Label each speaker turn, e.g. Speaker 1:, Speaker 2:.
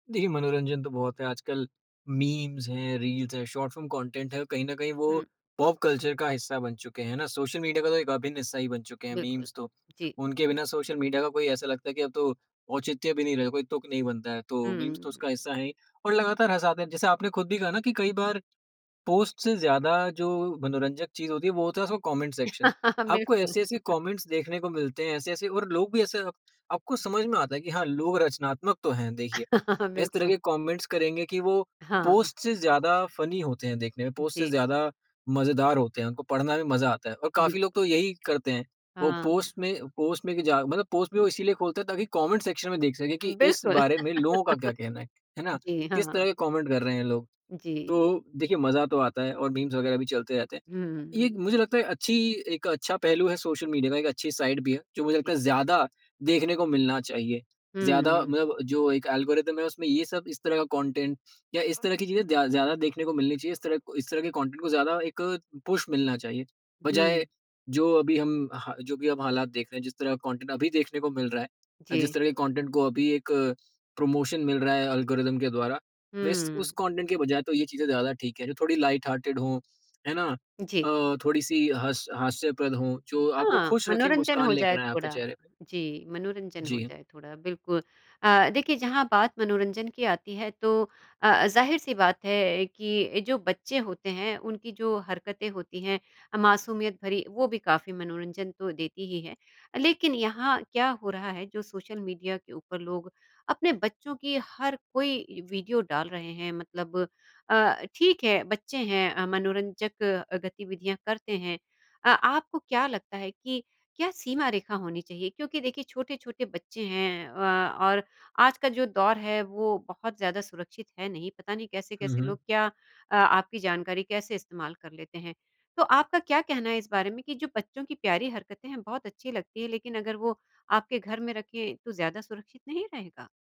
Speaker 1: देखिए मनोरंजन तो बहुत है आजकल, मीम्स हैं, रील्स है, शॉर्ट फिल्म कंटेंट है कहीं न कहीं वो
Speaker 2: हुँ।
Speaker 1: पॉप कल्चर का हिस्सा बन चुके हैं, है ना? सोशल मीडिया का तो एक अभिन्न हिस्सा ही बन चुके हैं
Speaker 2: बिल्कुल,
Speaker 1: मीम्स तो।
Speaker 2: जी।
Speaker 1: उनके बिना सोशल मीडिया का कोई ऐसा लगता है कि अब तो औचित्य भी नहीं रहे कोई तुक नहीं बनता है तो मीम्स तो
Speaker 2: हम्म।
Speaker 1: उसका हिस्सा है ही, और लगातार हसाते हैं। जैसे आपने खुद भी कहा ना कि कई बार पोस्ट से ज़्यादा जो मनोरंजक चीज़ होती है वो होता है उसका कमेंट सेक्शन।
Speaker 2: हाँ,
Speaker 1: आपको
Speaker 2: बिल्कुल।
Speaker 1: ऐसे-ऐसे कमेंट्स देखने को मिलते हैं ऐसे-ऐसे और लोग भी ऐसे आपको समझ में आता है कि हाँ, लोग रचनात्मक तो हैं देखिए।
Speaker 2: हाँ,
Speaker 1: इस तरह
Speaker 2: बिल्कुल।
Speaker 1: के कमेंट्स करेंगे कि वो
Speaker 2: हाँ।
Speaker 1: पोस्ट से ज़्यादा फनी होते हैं देखने में, पोस्ट से
Speaker 2: जी।
Speaker 1: ज़्यादा मज़ेदार होते हैं उनको पढ़ना भी मज़ा आता है और
Speaker 2: बिल्कु
Speaker 1: काफ़ी लोग तो यही करते हैं। वो
Speaker 2: हाँ।
Speaker 1: पोस्ट में पोस्ट में कि जा मतलब पोस्ट भी वो इसीलिए खोलते हैं ताकि कमेंट सेक्शन में देख सके कि इस
Speaker 2: बिल्कुल,
Speaker 1: बारे में लोगों का क्या कहना है, है ना?
Speaker 2: जी
Speaker 1: किस तरह
Speaker 2: हाँ।
Speaker 1: के कमेंट कर रहे हैं लोग। तो
Speaker 2: जी।
Speaker 1: देखिए मज़ा तो आता है और मीम्स वगैरह भी चलते रहते हैं।
Speaker 2: हुँ, हुँ,
Speaker 1: ये एक
Speaker 2: हुँ।
Speaker 1: मुझे लगता है अच्छी एक अच्छा पहलू है सोशल मीडिया का एक अच्छी साइड भी है, जो मुझे लगता
Speaker 2: जी।
Speaker 1: है ज़्यादा देखने को मिलना चाहिए। ज़्यादा
Speaker 2: हम्म।
Speaker 1: मतलब जो एक एल्गोरिदम है उसमें ये सब इस तरह का कंटेंट या इस तरह की चीज़ें दया ज़्यादा देखने को मिलनी चाहिए। इस तरह इस तरह के कंटेंट को ज़्यादा एक पुश मिलना चाहिए,
Speaker 2: हुँ।
Speaker 1: बजाए जो अभी हम हाँ, जो भी अब हालात देख रहे हैं जिस तरह का कंटेंट अभी देखने को मिल रहा है अ, जिस
Speaker 2: जी।
Speaker 1: तरह के कंटेंट को अभी एक प्रमोशन मिल रहा है एल्गोरिथम के द्वारा वैस
Speaker 2: हम्म।
Speaker 1: उस कंटेंट के बजाए तो ये चीज़ें ज़्यादा ठीक है जो थोड़ी लाइट हार्टेड हो, है ना?
Speaker 2: जी।
Speaker 1: अ, थोड़ी-सी हस हास्यप्रद हो जो आपको
Speaker 2: हाँ,
Speaker 1: खुश रखें
Speaker 2: मनोरंजन
Speaker 1: मुस्कान
Speaker 2: हो जाए
Speaker 1: लेकर आएँ आपके
Speaker 2: थोड़ा,
Speaker 1: चेहरे पे।
Speaker 2: जी, मनोरंजन हो
Speaker 1: जी।
Speaker 2: जाए थोड़ा बिल्कुल। अ, देखिए जहाँ बात मनोरंजन की आती है तो अ अ, ज़ाहिर-सी बात है कि अ, जो बच्चे होते हैं उनकी जो हरकतें होती हैं अ, मासूमियत भरी, वो भी काफ़ी मनोरंजन तो देती ही है, लेकिन यहाँ क्या हो रहा है जो सोशल मीडिया के ऊपर लोग अपने बच्चों की हर कोई वीडियो डाल रहे हैं मतलब अ, ठीक है, बच्चे हैं अ, मनोरंजक गतिविधियाँ करते हैं। अ, आपको क्या लगता है कि क्या सीमा रेखा होनी चाहिए? क्योंकि देखिए छोटे-छोटे बच्चे हैं अ, और आज का जो दौर है वो बहुत ज़्यादा सुरक्षित है नहीं, पता नहीं
Speaker 1: हुँ,
Speaker 2: कैसे-कैसे
Speaker 1: हुँ।
Speaker 2: लोग क्या अ, आपकी जानकारी कैसे इस्तेमाल कर लेते हैं। तो आपका क्या कहना है इस बारे में कि जो बच्चों की प्यारी हरकतें हैं बहुत अच्छी लगती है लेकिन अगर वो आपके घर में रखें, तो ज़्यादा सुरक्षित नहीं रहेगा?